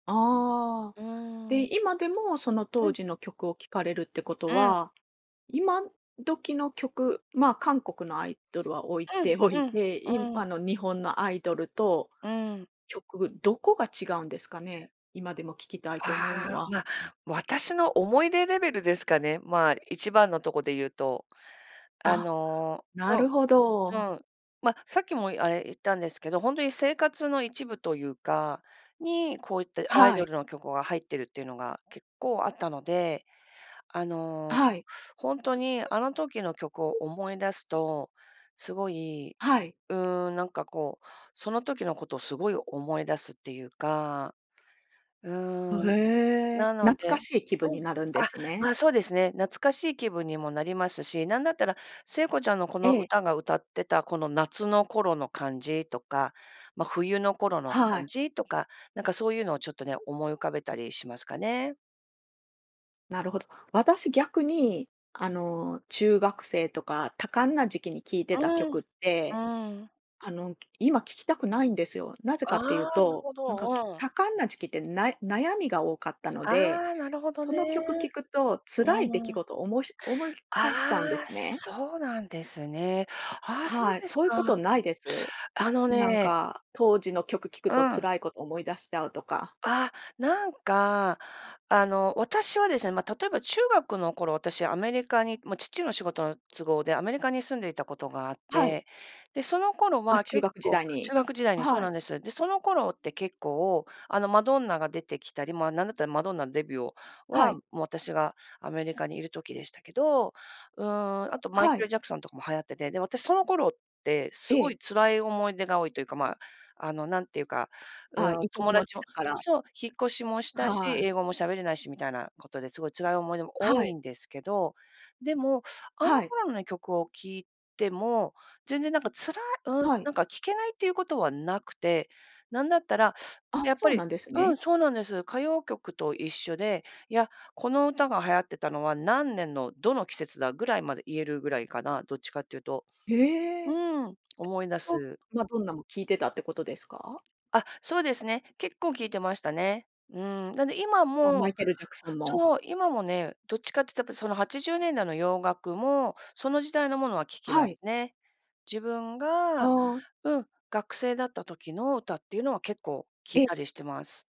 ああ、うーん。で、今でもそのう当ん。時の曲を聴かれるってことうん。は、今時の曲、まあ、韓国のアイドルは置いうん、ておういん、て、いむうあん。の日本のアイドルとうん。曲、どこが違うんですかね？今でも聴きたいて思うのああ、は。ま、私の思い出レベルですかね、まあ、一番のとこで言うと、ああ、のなるうほど。ん、うん、ま、さっきもあれ言ったんですけど、ほんとに生活の一部というか、に、こういったアイはドい。ルの曲が入ってるっていうのが結構あったので、ああ、の、はい。ほんとにあの時の曲を思い出すと、すごい、あ、はい。うーん、なんかこうその時のことをすごい思い出すっていうか。うーうん。え、なの懐かでしい気分うにん。なるんであ、すね。ま、そうですね、懐かしい気分にもなりますし、なんだったら、聖子ちゃんのこえのえ。歌が歌ってたこの夏の頃の感じとか、ま、冬の頃のは感い。じとか、なんかそういうのをちょっとね、思い浮かべたりしますかね。なるほど。私、逆に、あの、中学生とか多感な時期に聴いてうたん、曲って、うん。あの、今聞きたくないんですよ。なぜかあっていうあ、なると、ほなんか、きど。うん。多感な時期ってなえ悩みが多かったのあで、あ、なるほどそね。の曲聞くと、辛い出来うん。事をおもし思い返しちゃうんでああ、すね。そうなんですね。ああ、そうはい、ですそういうこか。とないです？あのん、なんねか当時の曲聴くうとん。辛いこと思い出しちゃうとか。ああ、なんか、あの、私はですね、ま、例えば中学の頃、私、アメリカに、ま、父の仕事の都合でアメリカに住んでいたことがあっはい。て、で、その頃あ、は中結学時構代中に。え学時代あ、にそうはい。なんです。で、その頃って結構あの、マドンナが出てきたり、まあ、なんだったらマドンナんデビューをあ、はは、もい。う私がアメリカにいる時でしたけど、うーん、あとあ、マイはケル・い。ジャクソンとかも流行ってて、で、私その頃ってえすごえ。い辛い思い出が多いというか、まあ、あの、なんていうか、うあ、ーん、異国友の達地をだかすら。そう、引っ越しもしたし、はあ、え。英語も喋れないしみたいなことで、すごい辛い思い出もあ、多はいい。んですけど、でも、あのはい。頃の曲を聴いても、全然なんかつらうーん、はい。なんか聞けないっていうことはなくて、なんだったら、うん、あ、やっそぱうりなんですうね。ん、そうなんです。歌謡曲と一緒で、「いや、この歌が流行ってたのは何年のどの季節だ」ぐらいまで言えるぐらいかな、どっちかっていうと。へえ。うえ、ん、思い出 [unintelligible] す。マドンナも聞いてたってことですか？あ、そうですね、結構聞いてましたね。うーん、なんで今あ、マもイケルジャクソンも。そう。今もねどっちかってたやっぱりその80年代の洋楽もその時代の物は聞あ、きはまい。すね。自分がああ。うん、学生だった時の歌っていうのは結構聞いえ？たりしてます。